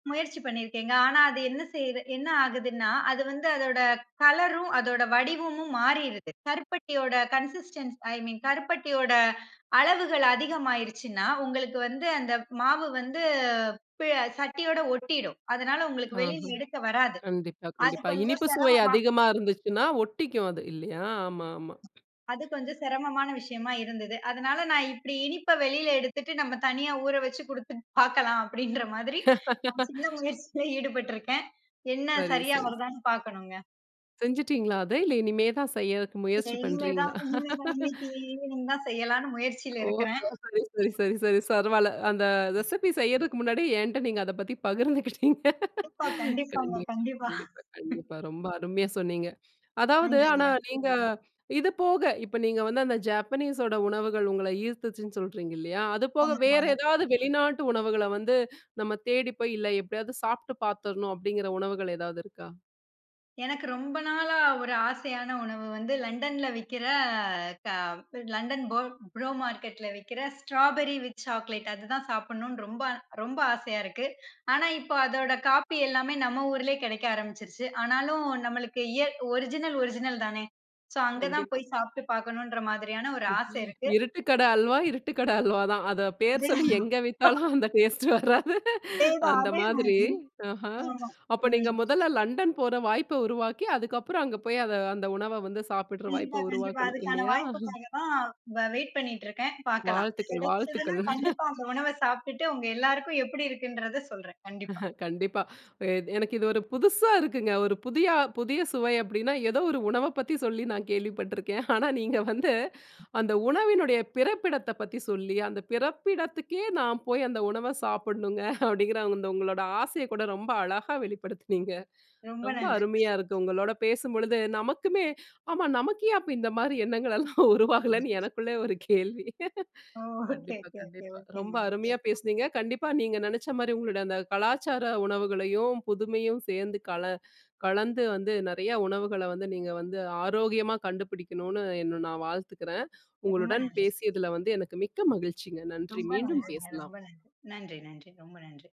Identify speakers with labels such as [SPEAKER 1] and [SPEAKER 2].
[SPEAKER 1] முயற்சி பண்ணியிருக்கேங்க. ஆனா அது என்ன செய் என்ன ஆகுதுன்னா அது வந்து அதோட கலரும் அதோட வடிவமும் மாறிறுது. கருப்பட்டியோட கன்சிஸ்டென்சி. ஐ மின் கருப்பட்டியோட அளவுகள் அதிகமாயிருச்சுனா, உங்களுக்கு வந்து அந்த மாவு வந்து ப சட்டியோட ஒட்டிடும். அதனால உங்களுக்கு
[SPEAKER 2] ஆஹா.
[SPEAKER 1] வெளியில எடுக்க வராது.
[SPEAKER 2] கண்டிப்பா,
[SPEAKER 1] அது
[SPEAKER 2] கண்டிப்பா.
[SPEAKER 1] கொஞ்சம்
[SPEAKER 2] இனிப்பு சுவை
[SPEAKER 1] சிரமமா?
[SPEAKER 2] அதிகமா இருந்துச்சுன்னா ஒட்டிக்கும் அது. இல்லயா? ஆமா, ஆமா.
[SPEAKER 1] அது கொஞ்சம் சிரமமான விஷயமா இருந்தது. அதனால நான் இப்டி இனிப்பு வெளியில எடுத்துட்டு, நம்ம தனியா ஊற வெச்சு கொடுத்துப் பாக்கலாம் அப்டின்ற மாதிரி, சின்ன முயற்சியில ஈடுபட்டிருக்கேன். என்ன
[SPEAKER 2] செரி,
[SPEAKER 1] சரியா
[SPEAKER 2] செரி, ச
[SPEAKER 1] வருதான்னு பாக்கணுங்க.
[SPEAKER 2] செஞ்சுட்டீங்களா அத? இல்ல இனிமேதான் செய்யறதுக்கு முயற்சி
[SPEAKER 1] இனிமேதான்.
[SPEAKER 2] பண்றீங்களா?
[SPEAKER 1] இனிமேதான். இன்னைக்கு ஈவினிங் தான் செய்யலாம்னு முயற்சியில
[SPEAKER 2] ஓ!
[SPEAKER 1] இருக்கிறேன்.
[SPEAKER 2] [unintelligible] செரி, செரி. செரி, சரவால அந்த ரெசிப்பி செய்யறதுக்கு முன்னாடி என்ட்ட நீங்க அதப் பத்தி பகிர்ந்துக்கிட்டீங்க.
[SPEAKER 1] க கண்டிப்பா. கண்டிப்பாங்க.
[SPEAKER 2] கண்டிப்பா,
[SPEAKER 1] கண்டிப்பா.
[SPEAKER 2] கண்டிப்பா, கண்டிப்பா. ரொம்ப அருமையா சொன்னீங்க. அதாவது,
[SPEAKER 1] நன்றிங்க.
[SPEAKER 2] ஆனா நீங்க இது போக, இப்ப நீங்க வந்து அந்த Japaneseஸோட உணவுகள் உங்கள ஈர்த்துச்சுன்னு சொல்றீங்க இல்லயா? அதுபோக வேற
[SPEAKER 1] ஆமாங்க.
[SPEAKER 2] ஏதாவது வெளிநாட்டு உணவுகள்ல வந்து, நம்ம தேடிப்போய் இல்ல எப்டியாவது சாப்ட்டு பாத்துடணும் அப்டிங்கிற உணவுகள் ஏதாவது இருக்கா?
[SPEAKER 1] எனக்கு ரொம்ப நாளா ஒரு ஆசையான உணவு வந்து Londonல விக்குற அ, க London பொ ப்ரோ மார்கெட்ல விக்கிற ஸ்ராபரி வித் சாக்லேட் அது தான் சாப்பிடணும்னு ரொம்ப ரொம்ப ஆசயா இருக்கு. ஆனா இப்போ அதோட காபி எல்லாமே நம்ம ஊர்லயே கெடைக்க ஆரம்பிச்சுடுச்சு. ஆனாலும் நம்மளுக்கு இயற் ஒரிஜினல் ஒரிஜினல் தானே. சோ அங்க தான்
[SPEAKER 2] கண்டிப்பா.
[SPEAKER 1] போய் சாப்ட்டு பாக்கணும்ன்ற மாதிரியான ஒரு ஆசை இருக்கு.
[SPEAKER 2] இருட்டுக்கட அல்வா, இருட்டுக்கட அல்வா தான். அத பேர் சொல்லி எங்க
[SPEAKER 1] [unintelligible]
[SPEAKER 2] வித்தாலும் அந்த டேஸ்டு வராது,
[SPEAKER 1] அதேதான்,
[SPEAKER 2] அந்த மாதிரி.
[SPEAKER 1] அதேமாதிரி
[SPEAKER 2] ஆஹா.
[SPEAKER 1] ம்,
[SPEAKER 2] அப்ப நீங்க
[SPEAKER 1] ம்.
[SPEAKER 2] முதல்ல London போற வாய்ப்ப உருவாக்கி, அதுக்கப்புறம் அங்க போய், அத அந்த உணவ வந்து சாப்பிட்ற
[SPEAKER 1] கண்டிப்பா.
[SPEAKER 2] வாய்ப்ப
[SPEAKER 1] கண்டிப்பா.
[SPEAKER 2] உருவாக்கணும்
[SPEAKER 1] அதுக்கான
[SPEAKER 2] இல்லயா?
[SPEAKER 1] வாய்ப்புக்காக தான், இப்ப நான் வைட் பண்ணிட்டு இருக்கேன். பாக்கலாம்.
[SPEAKER 2] வாழ்த்துக்கள்,
[SPEAKER 1] கெடைச்சுதுன்னா
[SPEAKER 2] வாழ்த்துக்கள்.
[SPEAKER 1] கண்டிப்பா அந்த உணவ சாப்பிட்டுட்டு, உங்க எல்லாருக்கும் எப்டி இருக்குன்றத சொல்றேன். கண்டிப்பா.
[SPEAKER 2] கண்டிப்பா. எனக்கு இது ஒரு புதுசா இருக்குங்க. ஒரு புதிய புதிய சுவை அப்டின்னா ஏதோ ஒரு உணவ பத்தி சொல்லி நான் கேள்விப்பட்டிருக்கேன். ஆனா நீங்க வந்து, அந்த உணவினுடய பிறப்பிடத்தப் பத்தி சொல்லி, அந்த பிறப்பிடத்துக்கே நான் போய் அந்த உணவ சாப்டணும்ங்க. அப்டிங்கிற அந்த உங்களோட ஆசைய கூட ரொம்ப அழகா வெளிப்படுத்துனீங்க.
[SPEAKER 1] ரொம்ப
[SPEAKER 2] ரொம்ப
[SPEAKER 1] நன்றி.
[SPEAKER 2] அருமையா இருக்கு. உங்களோட பேசும்பொழுது நமக்குமே, ஆமா நமக்கு ஏன் அப்ப இந்த மாரி எண்ணங்கள் எல்லாம் உருவாகலன்னு எனக்குள்ள ஒரு கேள்வி.
[SPEAKER 1] ஓ! ஓகே,
[SPEAKER 2] கண்டிப்பா,
[SPEAKER 1] ஓகே, ஓகே,
[SPEAKER 2] கண்டிப்பா. ரொம்ப
[SPEAKER 1] ஓகேங்க, ஓகே.
[SPEAKER 2] அருமையா பேசினீங்க. கண்டிப்பா நீங்க நெனச்ச மாரி, உங்களோட அந்தக் கலாச்சார உணவுகளையும், புதுமையும் சேந்து கல கலந்து வந்து நெறய உணவுகள வந்து நீங்க வந்து, ஆரோக்கியமா கண்டுபிடிக்கணும்னு என்ன நான் வாழ்த்துகுறேன்.
[SPEAKER 1] ரொம்ப
[SPEAKER 2] உங்களுடன்
[SPEAKER 1] நன்றி.
[SPEAKER 2] பேசியதுல வந்து எனக்கு மிக்க மகிழ்ச்சிங்க. நன்றி.
[SPEAKER 1] ரொம்ப
[SPEAKER 2] மீண்டும்
[SPEAKER 1] நன்றிங்க.
[SPEAKER 2] பேசலாம்.
[SPEAKER 1] ரொம்ப நன்றி, நன்றி, நன்றி. ரொம்ப நன்றி.